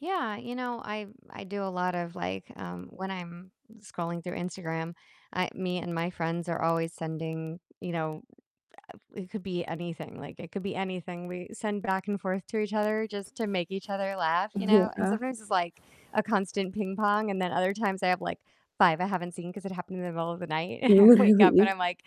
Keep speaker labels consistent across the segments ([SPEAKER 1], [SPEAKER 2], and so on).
[SPEAKER 1] Yeah, you know, I I do a lot of, like, um when I'm scrolling through Instagram, I me and my friends are always sending you know, ah, it could be anything, like, it could be anything we send back and forth to each other just to make each other laugh, you know? And
[SPEAKER 2] Yeah.
[SPEAKER 1] sometimes it's, like, a constant ping pong, and then other times I have, like, 5 I haven't seen 'cause it happened in the middle of the night, and I wake up and
[SPEAKER 2] Really?
[SPEAKER 1] I'm like,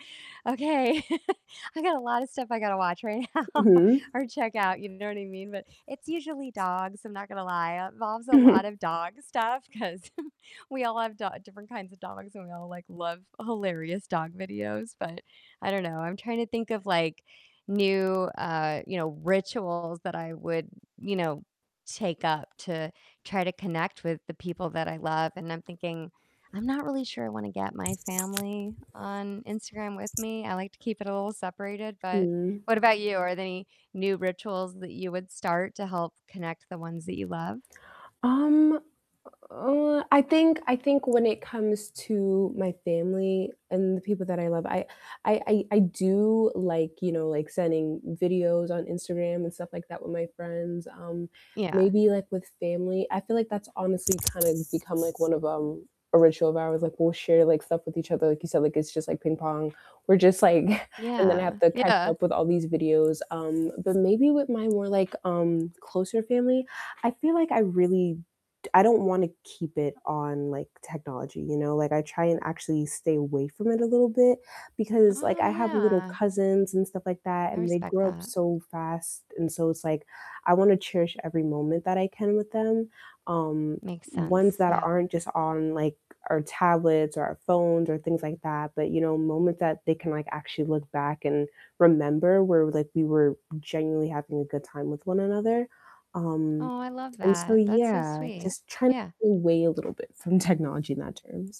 [SPEAKER 1] "Okay, I got a lotta stuff I gotta watch right now
[SPEAKER 2] Mhm.
[SPEAKER 1] or check out," you know what I mean? But it's usually
[SPEAKER 2] T
[SPEAKER 1] dogs, I'm not gonna lie, it involves a lot
[SPEAKER 2] Mhm.
[SPEAKER 1] of dog stuff 'cause we all have do different kinds of dogs, and we all, like, love hilarious dog videos- but I don't know, I'm trying to think of like new, uh, you know, rituals that I would, you know, take up to try to connect with the people that I love, and I'm thinking I'm not really sure I wanna get my family on Instagram with me; I like to keep it a little separated. But
[SPEAKER 2] Mm.
[SPEAKER 1] what about you? Are there any new rituals that you would start to help connect the ones that you love?
[SPEAKER 2] Um, u uh, I think I think when it comes to my family and the people that I love, I I I I do, like, you know, like sending videos on Instagram and stuff like that with my friends, um,
[SPEAKER 1] Yeah.
[SPEAKER 2] maybe, like, with family, I feel like that's honestly kinda become like one of, um, a ritual of ours, like, we'll share, like, stuff with each other- like you said, like it's just like ping pong. We're just like And then I have
[SPEAKER 1] Yeah.
[SPEAKER 2] to catch
[SPEAKER 1] Yeah.
[SPEAKER 2] up with all these videos. Um, but maybe with my more, like, um, closer family, I feel like I really d I don't wanna keep it on, like, technology, you know? Like, I try and actually stay away from it a little bit because, like,
[SPEAKER 1] Oh,
[SPEAKER 2] I have little
[SPEAKER 1] yeah.
[SPEAKER 2] cousins and stuff like that,
[SPEAKER 1] I
[SPEAKER 2] and they
[SPEAKER 1] respect
[SPEAKER 2] grow up
[SPEAKER 1] that.
[SPEAKER 2] so fast, and so it's like, I wanna cherish every moment that I can with them, um,
[SPEAKER 1] Makes sense,
[SPEAKER 2] ones that
[SPEAKER 1] yeah.
[SPEAKER 2] aren't just on, like, our tablets or our phones or things like that, but you know, moments that they can, like, actually look back and remember where, like, we were genuinely having a good time with one another. Um,
[SPEAKER 1] Oh, I love
[SPEAKER 2] and so
[SPEAKER 1] that. That's so
[SPEAKER 2] yeah,
[SPEAKER 1] sweet.
[SPEAKER 2] just trying to
[SPEAKER 1] Yeah.
[SPEAKER 2] pull away a little bit from technology in that terms.